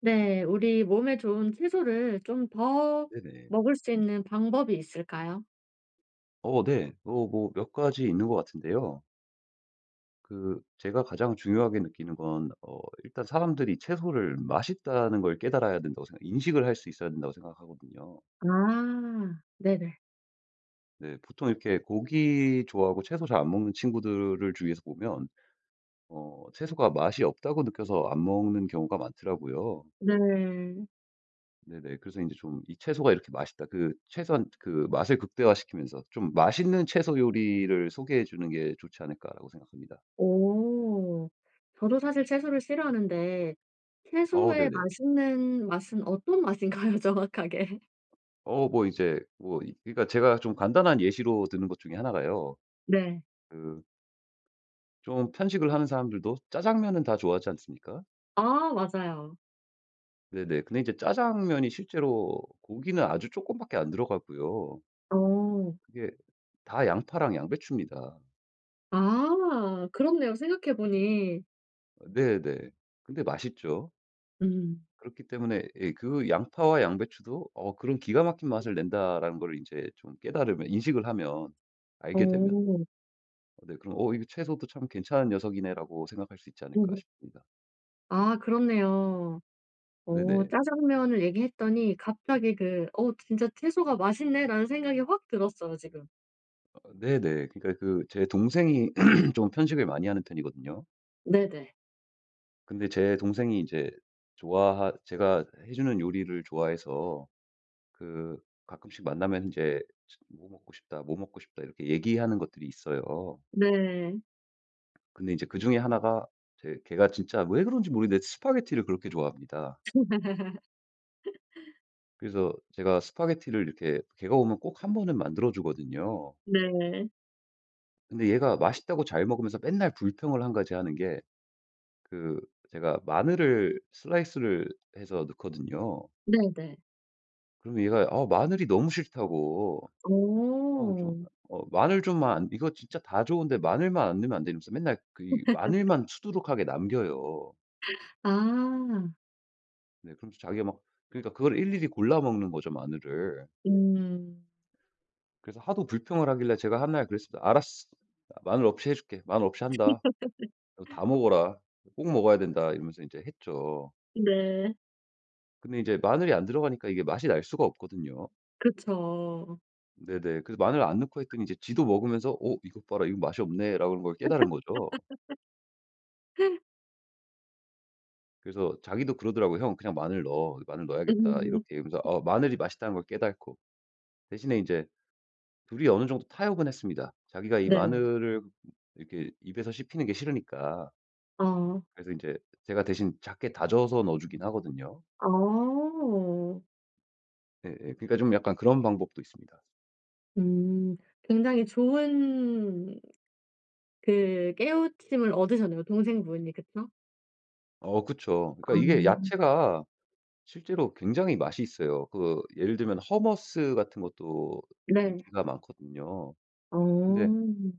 네. 우리 몸에 좋은 채소를 좀 더 네네. 먹을 수 있는 방법이 있을까요? 어 네. 어 뭐 몇 가지 있는 것 같은데요. 그 제가 가장 중요하게 느끼는 건 어 일단 사람들이 채소를 맛있다는 걸 깨달아야 된다고 생각 인식을 할 수 있어야 된다고 생각하거든요. 아 네네. 네. 보통 이렇게 고기 좋아하고 채소 잘 안 먹는 친구들을 주위에서 보면 어 채소가 맛이 없다고 느껴서 안 먹는 경우가 많더라고요. 네. 네네. 그래서 인제 좀 '이 채소가 이렇게 맛있다 그 최소한 그 맛을 극대화시키면서 좀 맛있는 채소 요리를 소개해 주는 게 좋지 않을까?'라고 생각합니다. 어. 저도 사실 채소를 싫어하는데 어 채소의 네네. 맛있는 맛은 어떤 맛인가요, 정확하게? 어 뭐 이제 뭐 이 그니까 제가 좀 간단한 예시로 드는 것 중에 하나가요. 네. 그 좀 편식을 하는 사람들도 짜장면은 다 좋아하지 않습니까? 아. 맞아요. 네네. 근데 이제 짜장면이 실제로 고기는 아주 쪼끔밖에 안 들어가고요. 어. 그게 다 양파랑 양배추입니다. 아 그렇네요 생각해 보니. 네네. 근데 맛있죠. 음. 그렇기 때문에 예 그 '양파와 양배추도 어 그런 기가 막힌 맛을 낸다.'라는 거를 인제 좀 깨달으면 인식을 하면 알게 되면 어. 네 그럼 '어 이거 채소도 참 괜찮은 녀석이네.'라고 생각할 수 있지 않을까 싶습니다. 아 그렇네요. 어 네네. 짜장면을 얘기했더니 갑자기 그 '어 진짜 채소가 맛있네.'라는 생각이 확 들었어요 지금. 아 네네. 그러니까 그 제 동생이 좀 편식을 많이 하는 편이거든요. 네네. 근데 제 동생이 이제 좋아하 제가 해 주는 요리를 좋아해서 그 가끔씩 만나면 이제 으 스 "뭐 먹고 싶다. 뭐 먹고 싶다." 이렇게 얘기하는 것들이 있어요. 네. 근데 이제 그 중에 1 가 이제 걔가 진짜 왜 그런지 모르겠는데 스파게티를 그렇게 좋아합니다. 그래서 제가 스파게티를 이렇게 걔가 오면 꼭 1 번은 만들어 주거든요. 네. 근데 얘가 맛있다고 잘 먹으면서 맨날 불평을 1 가지 하는게 그 제가 마늘을 슬라이스를 해서 넣거든요. 네네. 그러면 얘가 아 마늘이 너무 싫다고. 그냥 좀 어. 어 마늘 좀만 이거 진짜 다 좋은데 마늘만 안 넣으면 안되냐면서 맨날 그 이 마늘만 수두룩하게 남겨요. 아. 네. 그러면서 자기가 막 그러니까 그걸 일일이 골라 먹는 거죠 마늘을. 음. 그래서 하도 불평을 하길래 제가 한날 그랬습니다. "알았어. 마늘 없이 해줄게. 마늘 없이 한다. 너 다 먹어라. 꼭 먹어야 된다." 이러면서 이제 했죠. 네. 근데 이제 마늘이 안 들어가니까 이게 맛이 날 수가 없거든요. 그쵸. 네네. 그래서 마늘 안 넣고 했더니 이제 지도 먹으면서 '어 이것 봐라. 이거 맛이 없네.'라는 걸 깨달은 거죠. 그래서 자기도 그러더라고 "형 그냥 마늘 넣어. 마늘 넣어야겠다." 음. 이렇게 하면서 어 마늘이 맛있다는 걸 깨닫고 대신에 이제 2 이 어느 정도 타협은 했습니다. 자기가 이 네. 마늘을 이렇게 입에서 씹히는 게 싫으니까 어. 그래서 인제 제가 대신 작게 다져서 넣어 주긴 하거든요. 아. 네 예 그러니까 좀 약간 그런 방법도 있습니다. 음. 굉장히 좋은 그 깨우침을 얻으셨네요 동생분이 그쵸? 어 그쵸. 그러니까 이게 아. 야채가 실제로 굉장히 맛이 있어요. 그거 예를 들면 hummus 같은 것도 네. 인기가 많거든요. 근데 어.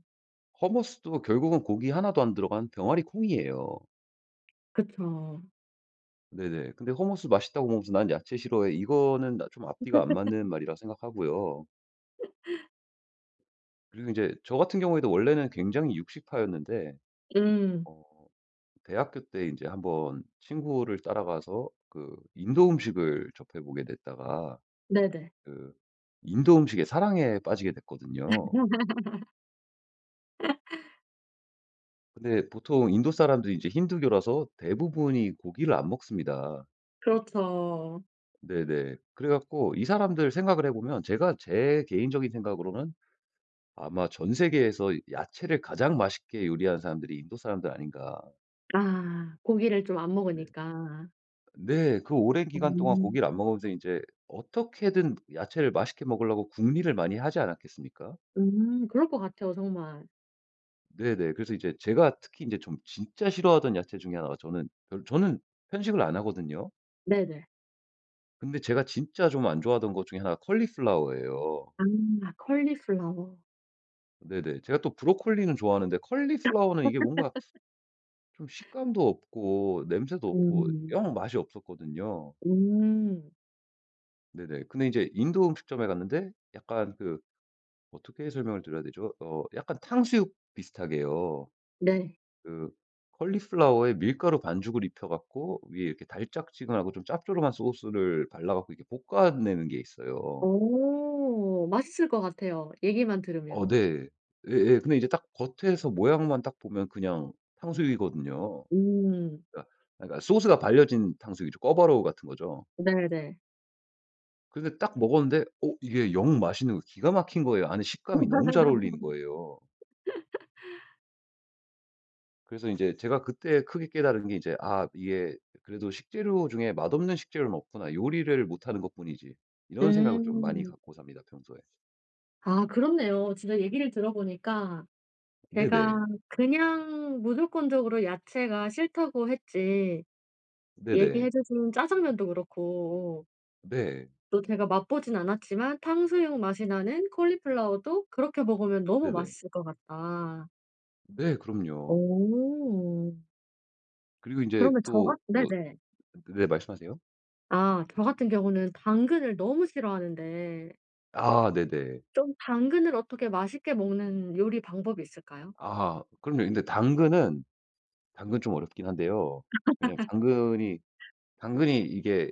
hummus도 결국은 고기 하나도 안 들어간 병아리콩이에요. 그쵸. 네네. 근데 hummus 맛있다고 먹으면서 "난 야채 싫어해." 이거는 나 좀 앞뒤가 안 맞는 말이라 생각하고요. 그리고 인제 저 같은 경우에도 원래는 굉장히 육식파였는데 음. 어 대학교 때 인제 한번 친구를 따라가서 그 인도 음식을 접해 보게 됐다가 네네. 그 인도 음식에 사랑에 빠지게 됐거든요. 근데 보통 인도 사람들이 이제 힌두교라서 대부분이 고기를 안 먹습니다. 그렇죠. 네네. 그래 갖고 이 사람들 생각을 해 보면 제가 제 개인적인 생각으로는 '아마 전 세계에서 야채를 가장 맛있게 요리하는 사람들이 인도 사람들 아닌가?' 아 고기를 좀 안 네. 먹으니까. 네. 그 오랜 기간 동안 음. 고기를 안 먹으면서 이제 어떻게든 야채를 맛있게 먹으려고 궁리를 많이 하지 않았겠습니까? 음 그럴 것 같아요 정말. 네네. 그래서 이제 제가 특히 이제 좀 진짜 싫어하던 야채 중에 1 가 저는 별 저는 편식을 안 하거든요. 네네. 근데 제가 진짜 좀 안 좋아하던 것 중에 1 가 콜리플라워 예요. 아 콜리플라워. 네네. 제가 또 브로콜리는 좋아하는데 콜리플라워는 이게 뭔가 좀 식감도 없고 냄새도 없고 음. 영 맛이 없었거든요. 음. 네네. 근데 이제 인도 음식점에 갔는데 약간 그 어떻게 설명을 드려야 되죠? 어 약간 탕수육 비슷하게요. 네. 그 콜리플라워에 밀가루 반죽을 입혀 갖고 위에 이렇게 달짝지근하고 좀 짭조름한 소스를 발라 갖고 이렇게 볶아내는 게 있어요. 어 맛있을 것 같아요 얘기만 들으면. 어 네. 예예. 근데 이제 딱 겉에서 모양만 딱 보면 그냥 탕수육이거든요. 음. 그니까, 그니까 소스가 발려진 탕수육이죠. 꿔바로우 같은 거죠. 네네. 근데 딱 먹었는데 어 이게 영 맛있는 거 기가 막힌 거예요. 아니 식감이 너무 잘 어울리는 거예요. 그래서 인제 제가 그때 크게 깨달은 게 이제 '아 이게 그래도 식재료 중에 맛없는 식재료는 없구나. 요리를 못하는 것뿐이지.' 이런 생각을 좀 많이 음. 갖고 삽니다 평소에. 아 그렇네요. 진짜 얘기를 들어보니까 네네. 제가 그냥 무조건적으로 야채가 싫다고 했지. 네네. 얘기해 주신 짜장면도 그렇고 네. 또 제가 맛보진 않았지만 탕수육 맛이 나는 콜리플라워도 그렇게 먹으면 너무 네네. 맛있을 것 같다. 네. 그럼요. 어. 그리고 인제 그러면 저 또 같 뭐 네네. 그 네 말씀하세요. 아 저 같은 경우는 당근을 너무 싫어하는데 아. 네네. 좀 당근을 어떻게 맛있게 먹는 요리 방법이 있을까요? 아하 그럼요. 근데 당근은 당근은 좀 어렵긴 한데요. 왜냐면 당근이 당근이 이게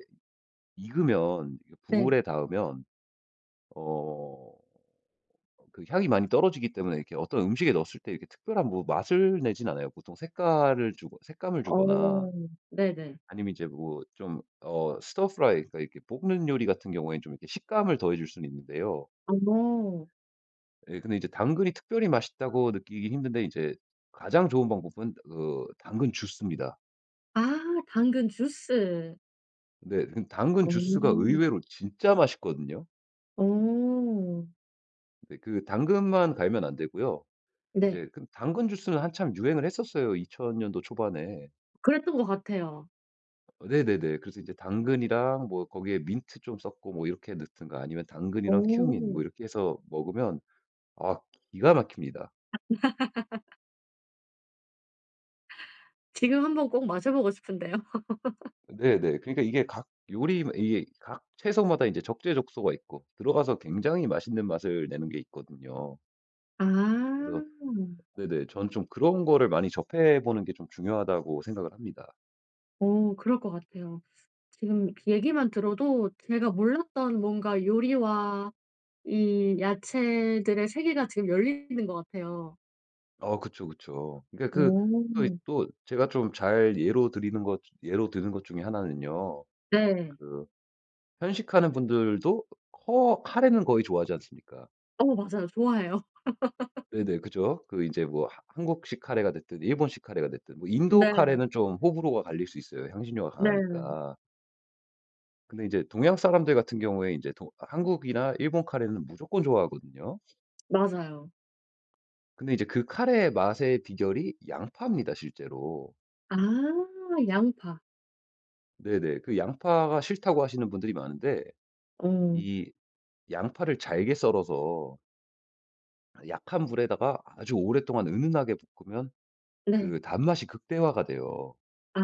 익으면 이게 네. 불에 닿으면 어 그 향이 많이 떨어지기 때문에 이렇게 어떤 음식에 넣었을 때 이렇게 특별한 뭐 맛을 내지는 않아요. 보통 색깔을 주고 색감을 주거나 어 네네. 아니면 이제 뭐 좀 어 stir-fry 그러니까 이게 볶는 요리 같은 경우엔 좀 이렇게 식감을 더해 줄 수는 있는데요. 어. 예 근데 이제 당근이 특별히 맛있다고 느끼기 힘든데 이제 가장 좋은 방법은 그 당근 주스입니다. 아 당근 주스. 네. 근데 당근 주스가 어. 의외로 진짜 맛있거든요. 어. 네. 그 당근만 갈면 안 되고요. 네. 이제 그 당근 주스는 한참 유행을 했었어요 2000 년도 초반에. 그랬던 것 같아요. 네네네. 그래서 이제 당근이랑 뭐 거기에 민트 좀 섞고 뭐 이렇게 넣든가 아니면 당근이랑 큐민 어. 뭐 이렇게 해서 먹으면 아 기가 막힙니다. 지금 한번 꼭 마셔보고 싶은데요. 네네. 그러니까 이게 각 요리 뭐 이게 각 채소마다 이제 적재적소가 있고 들어가서 굉장히 맛있는 맛을 내는 게 있거든요. 아. 그래서 네네. 저는 좀 그런 거를 많이 접해 보는 게 좀 중요하다고 생각을 합니다. 어 그럴 것 같아요. 지금 얘기만 들어도 제가 몰랐던 뭔가 요리와 이 야채들의 세계가 지금 열리는 것 같아요. 어 그쵸, 그쵸. 그러니까 그 또 이 어. 또 제가 좀 잘 예로 드리는 것 예로 드는 것 중에 1 는요. 네. 그 편식하는 분들도 커 카레는 거의 좋아하지 않습니까? 어 맞아요. 좋아해요. 네네. 그죠. 그 이제 뭐 하 한국식 카레가 됐든 일본식 카레가 됐든. 뭐 인도 네. 카레는 좀 호불호가 갈릴 수 있어요 향신료가 네. 강하니까. 근데 이제 동양 사람들 같은 경우에 이제 도 한국이나 일본 카레는 무조건 좋아하거든요. 맞아요. 근데 이제 그 카레의 맛의 비결이 양파입니다 실제로. 아 양파. 네네. 그 양파가 싫다고 하시는 분들이 많은데 어. 이 양파를 잘게 썰어서 약한 불에다가 아주 오랫동안 은은하게 볶으면 네. 그 단맛이 극대화가 돼요. 아.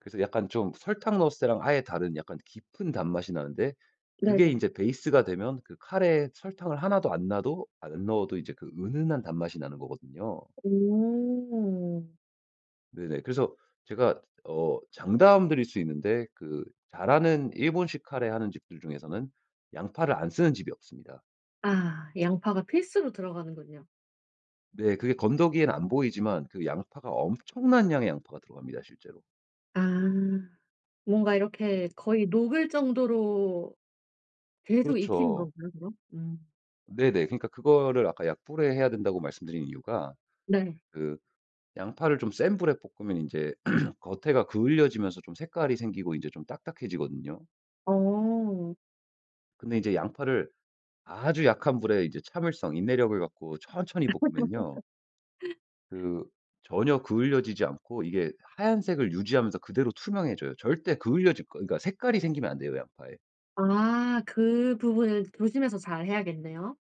그래서 약간 좀 설탕 넣었을 때랑 아예 다른 약간 깊은 단맛이 나는데 그게 네네. 인제 베이스가 되면 그 카레에 설탕을 하나도 안 놔도 안 넣어도 이제 그 은은한 단맛이 나는 거거든요. 오. 네네. 그래서 제가 어 장담 드릴 수 있는데 그 잘하는 일본식 카레 하는 집들 중에서는 양파를 안 쓰는 집이 없습니다. 아 양파가 필수로 들어가는군요. 네. 그게 건더기에는 안 보이지만 그 양파가 엄청난 양의 양파가 들어갑니다 실제로. 아. 뭔가 네네. 이렇게 거의 녹을 정도로 계속 익히는 그렇죠. 건가요 그럼? 음. 네네. 그러니까 그거를 아까 약불에 해야 된다고 말씀드린 이유가 네. 그 양파를 좀 센 불에 볶으면 인제 겉에가 그을려지면서 좀 색깔이 생기고 이제 좀 딱딱해지거든요. 어. 근데 이제 양파를 아주 약한 불에 이제 참을성 인내력을 갖고 천천히 볶으면요. 그 전혀 그을려지지 않고 이게 하얀색을 유지하면서 그대로 투명해져요. 절대 그을려질 거 그러니까 색깔이 생기면 안 돼요 양파에. 아 그 부분은 조심해서 잘 해야겠네요.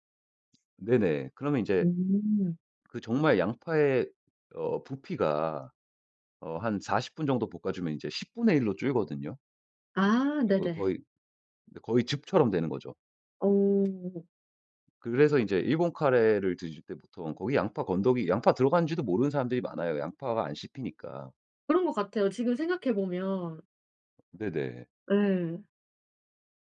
네네. 그러면 이제 음. 그 정말 양파의 어 부피가 어 한 40 분 정도 볶아주면 이제 10 분의 1 로 줄거든요. 아 거 거 네네. 거의 이제 거의 즙처럼 되는 거죠. 어. 그래서 이제 일본 카레를 드실 때 보통 거기 양파 건더기 양파 들어가는지도 모르는 사람들이 많아요, 양파가 안 씹히니까. 그런 것 같아요 지금 생각해 보면. 네네. 예.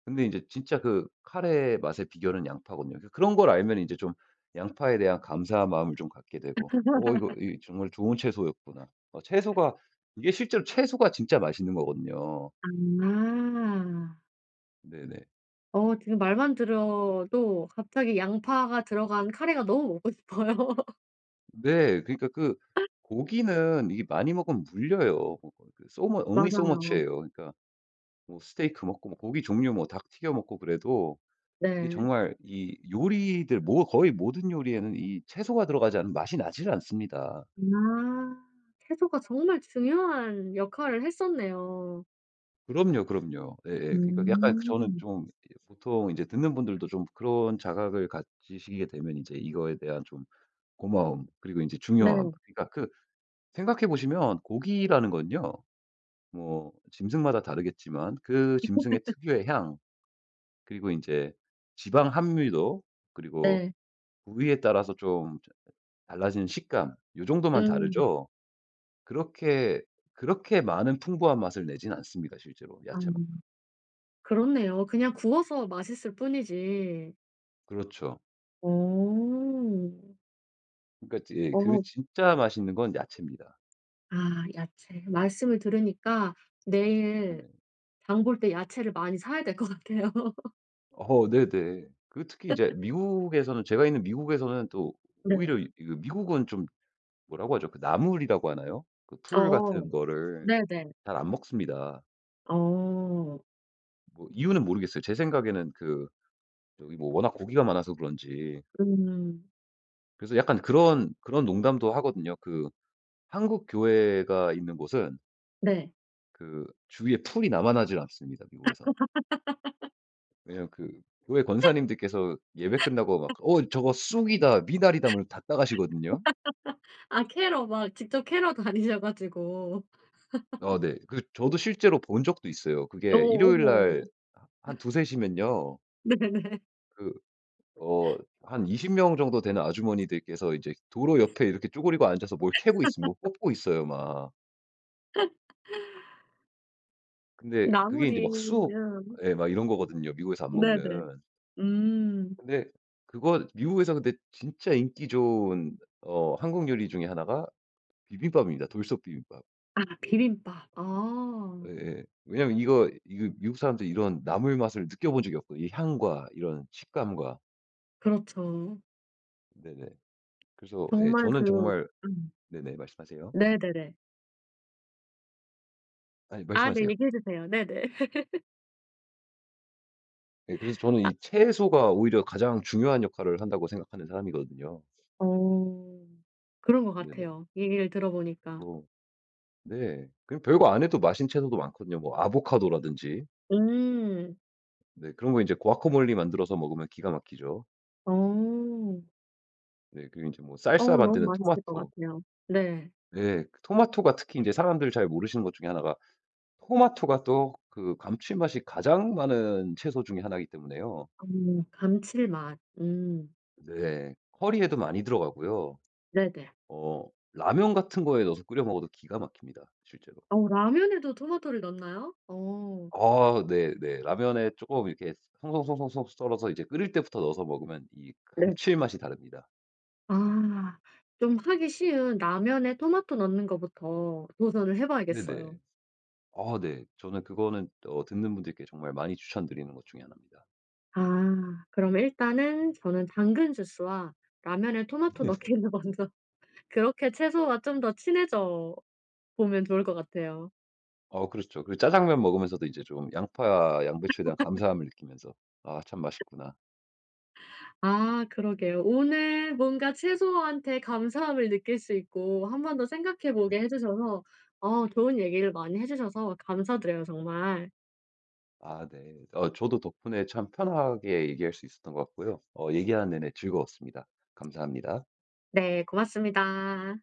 근데 이제 진짜 그 카레의 맛의 비결은 양파거든요. 그니까 그런 걸 알면 이제 좀 양파에 대한 감사한 마음을 좀 갖게 되고 '어 이거 이 정말 좋은 채소였구나.' 어 채소가 이게 실제로 채소가 진짜 맛있는 거거든요. 아. 네네. 어 지금 말만 들어도 갑자기 양파가 들어간 카레가 너무 먹고 싶어요. 네. 그러니까 그 고기는 이게 많이 먹으면 물려요. 어 그, 그 So mu only so much 맞아요. 예요. 그러니까 뭐 스테이크 먹고 뭐 고기 종류 뭐 닭 튀겨 먹고 그래도 이게 네. 정말 이 요리들 뭐 거의 모든 요리에는 이 채소가 들어가지 않으면 맛이 나질 않습니다. 아 채소가 정말 중요한 역할을 했었네요. 그럼요, 그럼요. 예예. 그러니까 약간 저는 음. 좀 이 보통 이제 듣는 분들도 좀 그런 자각을 가지시게 되면 인제 이거에 대한 좀 고마움 그리고 인제 네. 중요함 그러니까 그 생각해 보시면 고기라는 건요. 뭐 짐승마다 다르겠지만 그 짐승의 특유의 향 그리고 인제 지방 함유도 그리고 네. 부위에 따라서 좀 어 달라지는 식감 요 정도만 음. 다르죠. 그렇게, 그렇게 많은 풍부한 맛을 내진 않습니다 실제로 아 야채만큼. 그렇네요. 그냥 구워서 맛있을 뿐이지. 그렇죠. 음. 그러니까 지 예. 그 어. 진짜 맛있는 건 야채입니다. 아 야채. 말씀을 들으니까 내일 네네. 장 볼 때 야채를 많이 사야 될 것 같아요. 어. 네네. 그 특히 이제 미국에서는 제가 있는 미국에서는 또 네. 오히려 이 이거 미국은 좀 뭐라고 하죠? 그 나물이라고 하나요? 그 풀 어 같은 거를 네네. 잘 안 먹습니다. 어. 뭐 이유는 모르겠어요. 제 생각에는 그 저기 뭐 워낙 고기가 많아서 그런지. 음. 그래서 약간 그런, 그런 농담도 하거든요. 그 한국 교회가 있는 곳은 네. 그 주위에 풀이 남아나질 않습니다 미국에선. 왜냐하면 그 교회 권사님들께서 예배 끝나고 막 "어 저거 쑥이다. 미나리다." 뭐 이러면서 다 따가시거든요. 아 캐러 막 직접 캐러 다니셔 가지고. 어 네. 그 저도 실제로 본 적도 있어요. 어 그게 일요일 어머. 날 하 한 2-3 시면요 네네네. 그 어 한 20 명 정도 되는 아주머니들께서 이제 도로 옆에 이렇게 쪼그리고 앉아서 뭘 캐고 있어. 뭐 뽑고 있어요 막. 근데 그게 인제 막 쑥 나물이면 예 막 이런 거거든요 미국에서 안 네네. 먹는. 음. 근데 그거 미국에서 근데 진짜 인기 좋은 어 한국 요리 중에 1가 비빔밥입니다 돌솥비빔밥. 아 비빔밥 아. 예예. 왜냐하면 이거, 이거 미국 사람도 이런 나물 맛을 느껴본 적이 없거든요 이 향과 이런 식감과. 그렇죠. 네네. 그래서 예 정말 저는 그 정말 음. 네네 말씀하세요. 네네네. 아니 아 네 말씀하세요. 얘기해주세요. 네네. 예. 그래서 저는 아 이 채소가 오히려 가장 중요한 역할을 한다고 생각하는 사람이거든요. 어. 그런 것 네네. 같아요. 얘기를 들어 보니까. 어. 네. 그냥 별거 안 해도 맛있는 채소도 많거든요 뭐 아보카도라든지. 음. 네. 그런 거 이제 과카몰리 만들어서 먹으면 기가 막히죠. 어. 네. 그리고 인제 뭐 어 살사 너무 만드는 맛있을 것 토마토. 같아요. 네. 예. 그 토마토가 특히 인제 사람들 잘 모르시는 것 중에 1 가 토마토가 또 그 감칠맛이 가장 많은 채소 중에 1 기 때문에요. 음 감칠맛 음. 네. 커리에도 많이 들어가고요. 네네. 어 라면 같은 거에 넣어서 끓여 먹어도 기가 막힙니다 실제로. 어 라면에도 토마토를 넣나요? 어. 아 네네. 라면에 쪼금 이렇게 송 송 송 송 송 썰어서 이제 끓일 때부터 넣어서 먹으면 이 네. 감칠맛이 다릅니다. 아 좀 하기 쉬운 라면에 토마토 넣는 거부터 도전을 해 봐야겠어요. 네네. 아 네. 저는 그거는 어 듣는 분들께 정말 많이 추천드리는 것 중에 1 입니다. 아 그러면 일단은 저는 당근 주스와 라면에 토마토 네네. 넣기를 먼저 그렇게 채소와 좀 더 친해져 보면 좋을 것 같아요. 어 그렇죠. 그리고 짜장면 먹으면서도 이제 좀 양파, 양배추에 대한 감사함을 느끼면서 '아 참 맛있구나.' 아 그러게요. 오늘 뭔가 채소한테 감사함을 느낄 수 있고 1 번 더 생각해 보게 네네. 해 주셔서 어 좋은 얘기를 많이 해 주셔서 감사드려요 정말. 아 네. 어 저도 덕분에 참 편하게 얘기할 수 있었던 것 같고요. 어 얘기하는 내내 즐거웠습니다. 감사합니다. 네 고맙습니다.